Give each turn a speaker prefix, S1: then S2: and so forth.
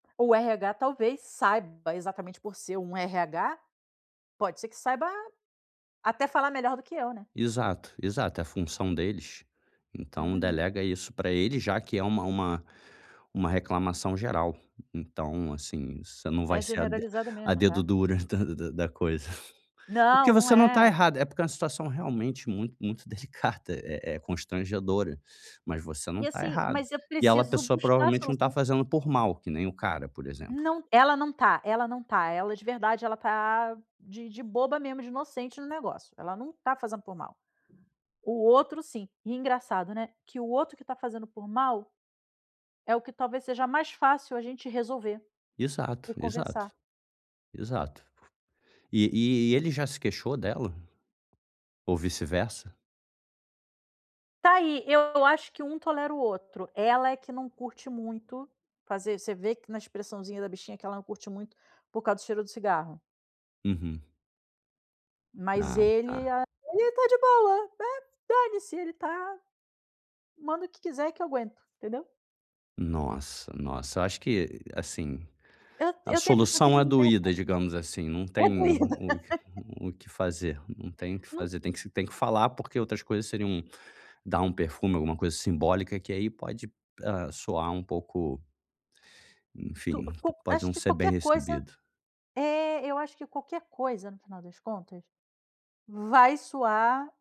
S1: O RH talvez saiba exatamente por ser um RH. Pode ser que saiba até falar melhor do que eu, né.
S2: Exato. Exato. É função deles. Então,
S1: Uhum.
S2: delega isso pra ele, já que é uma uma uma reclamação geral. E então, assim, você não vai
S1: É
S2: ser a de
S1: generalizada
S2: a
S1: mesmo,
S2: dedo
S1: tá.
S2: dura da da da coisa. Prque
S1: Não, não
S2: você não está
S1: é.
S2: errada. É porque é uma situação realmente muito muito delicada. É é constrangedora. Mas você não
S1: E
S2: tá
S1: assim,
S2: errada.
S1: mas eu
S2: E ela a
S1: preciso
S2: pessoa,
S1: buscar a
S2: provavelmente, não está
S1: solução.
S2: fazendo por mal, que nem o cara, por exemplo.
S1: Não t ela não tá ela não tá ela, de verdade, ela tá de de boba mesmo, de inocente no negócio. Ela não tá fazendo por mal. O outro, sim. E engraçado, né, que o outro que tá fazendo por mal, é o que talvez seja mais fácil a gente resolver
S2: Exato,
S1: e
S2: exato.
S1: conversar.
S2: Exato. E e ele já se queixou dela? Ou vice-versa?
S1: Tá aí. Eu acho que um tolera o outro. Ela é que não curte muito fazer Você vê que na expressãozinha da bichinha, que ela não curte muito, por causa do cheiro do cigarro.
S2: Uhum.
S1: Mas
S2: Ah
S1: ele
S2: tá.
S1: a ele está de boa. É. "Dane-se". Ele está manda o que quiser que eu aguento. Entendeu?
S2: Nossa, nossa. Eu acho que, assim,
S1: Eu
S2: a
S1: eu te tenho a impressão que ele
S2: solução é
S1: não tem olfato.
S2: doída, digamos assim. Não
S1: É doída.
S2: tem o que f o que fazer, não tem o que
S1: Num
S2: fazer. Tem que se tem que falar, porque outras coisas seriam dar um perfume, alguma coisa simbólica, que aí pode, hã, soar um pouco
S1: Tu
S2: Enfim, p
S1: qual
S2: pode
S1: acho
S2: não
S1: que
S2: ser bem
S1: qualquer coisa
S2: recebido.
S1: eh, eu acho que qualquer coisa, no final das contas, vai soar